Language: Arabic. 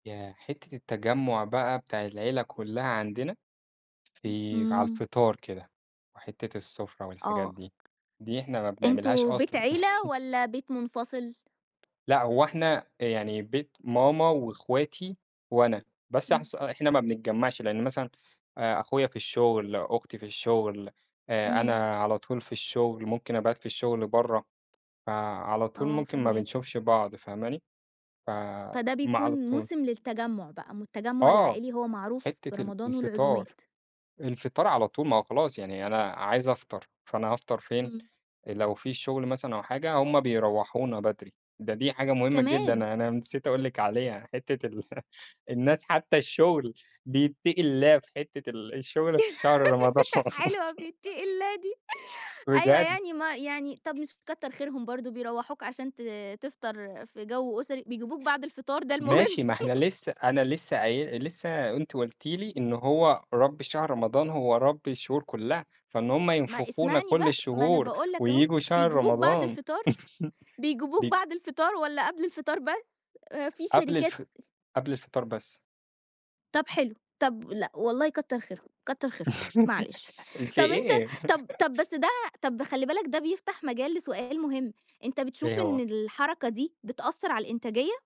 ياه، حتّة التجمع بقى بتاع العيلة كلها عندنا، [unintelligible] في على إمم. الفطار كده، وحتّة السُفرة والحاجات آه. دي. دي إحنا ما بنعملهاش أنتم بيت أصلًا. عيلة والّا بيت منفصل؟ لأ، هو إحنا يعني بيت ماما وأخواتي وأنا، بس إمم. أحس إحنا ما بنتجمعش لأن مثلًا آآ، أخويا في الشغل، أختي في الشغل، آآ، إمم. أنا على طول في الشغل، ممكن أبات في الشغل برا، فعلى طول آه، ممكن ما فاهماك. بنشوفش بعض فاهماني؟ فما فده بيكون على طول موسم للتجمع بقى م التجمع آه، العائلي هو معروف حتّة ال برمضان الفطار، والعزومات. الفطار على طول ما هو خلاص يعني أنا عايز أفطر، فأنا هافطر فين؟ إمم. آآ، لو في شغل مثلًا أو حاجة هُم بيروّحونا بدري، ده دي حاجة مهمة جدًا، كمان! أنا نسيت أقول لِك عليها. حتّة ال الناس حتى الشغل بيتقي الله في حتّة ال الشغل في شهر رمضان. حلوة بيتقي الله دي. أيوه، بجد. يعني ما يعني طَب، مش كتّر خيرهم برضه بيروّحوك عشان ت تفطر في جو أسري. بيجيبوك بعد الفطار ده المهم. ماشي ما إحنا لسه أنا لسه قاي لسه أنتِ قُلتِ لي إن هو رب شهر رمضان هو رب الشهور كلها، فإن هُم ما ينفخونا اسمعني كل بقى، ما أنا الشهور، باقُول لك أهو، وييجوا شهر بيجيبوك بعد رمضان الفطار؟ بيجيبوك بي بعد الفطار والّا قبل الفطار بس؟ في قبل الف شركات س قبل الفطار بس. طَب حلو. طَ لأ والله كتّر خيرهم، كتّر خيرهم، معلش. ال في طَب أنت إيه؟ طَب طَب بس ده طَب خلّي بالك ده بيفتح مجال لسؤال مهم، أنت بتشوف إيه إن هو؟ الحركة دي بتأثّر على الإنتاجية؟